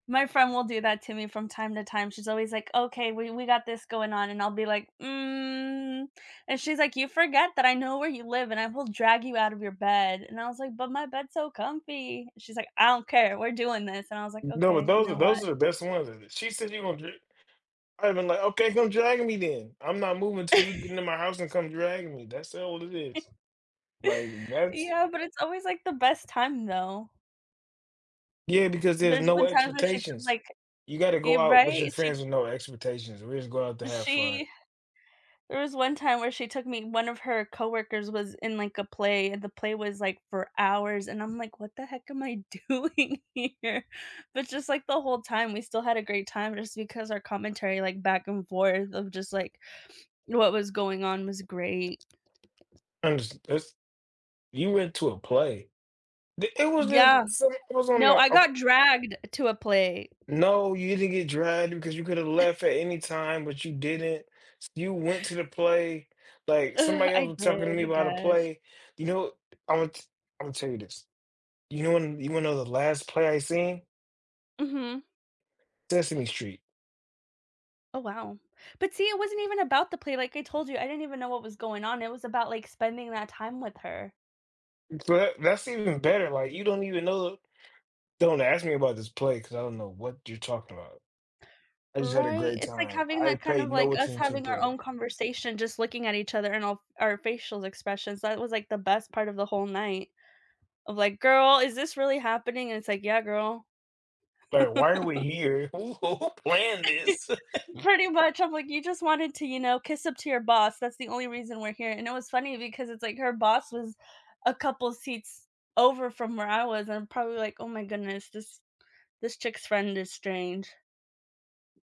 My friend will do that to me from time to time, she's always like, "Okay, we we got this going on," and I'll be like, "Mm," and she's like, "You forget that I know where you live and I will drag you out of your bed," and I was like, "But my bed's so comfy," she's like, "I don't care, we're doing this," and I was like, N no, but "Okay, you those are know those what" are the best ones, she said you gonna dri I'd been like, "Okay, come drag me then, I'm not moving 'til you get into my house and come dragging me, that's all it is." Like, that's Yeah, but it's always, like, the best time though. Yeah, because there's There's no been times where she's expectations. like You gotta e go out with your right, she friends with no expectations, we just go out to have fun. she there was one time where she took me one of her coworkers was in, like, a play, and the play was, like, for hours, and I'm like, "What the heck am I doing here," but just, like, the whole time we still had a great time just because our commentary, like, back and forth of just, like, what was going on was great. And it's you went to a play. Th it was just Yeah. s it was on No, the I a got dragged to a play. No, you didn't get dragged because you could've left at any time, but you didn't, s you went to the play, like, Ugh, somebody else I was did, talking to me I about a guess. play, you know, I want Imma tell you this, you know when you wanna know the last play I seen? Mhm. Sesame Street. Oh wow. But see, it wasn't even about the play like I told you, I didn't even know what was going on, it was about, like, spending that time with her. That that's even better, like, you don't even know "Don't ask me about this play, 'cause I don't know what you're talking about. I just had a Right, great it's, like, time, having I that kind of paid like, no us attention to having our own play." conversation just looking at each other and all of our facial expressions, that was, like, the best part of the whole night of like, "Girl, is this really happening?" And it's like, "Yeah, girl." Like, "Why are we here? Who who planned this?" Pretty much, I'm like, "You just wanted to, you know, kiss up to your boss, that's the only reason we're here," and it was funny because it's, like, her boss was a couple of seats over from where I was and I'm probably like, "Oh my goodness, this this chick's friend is strange."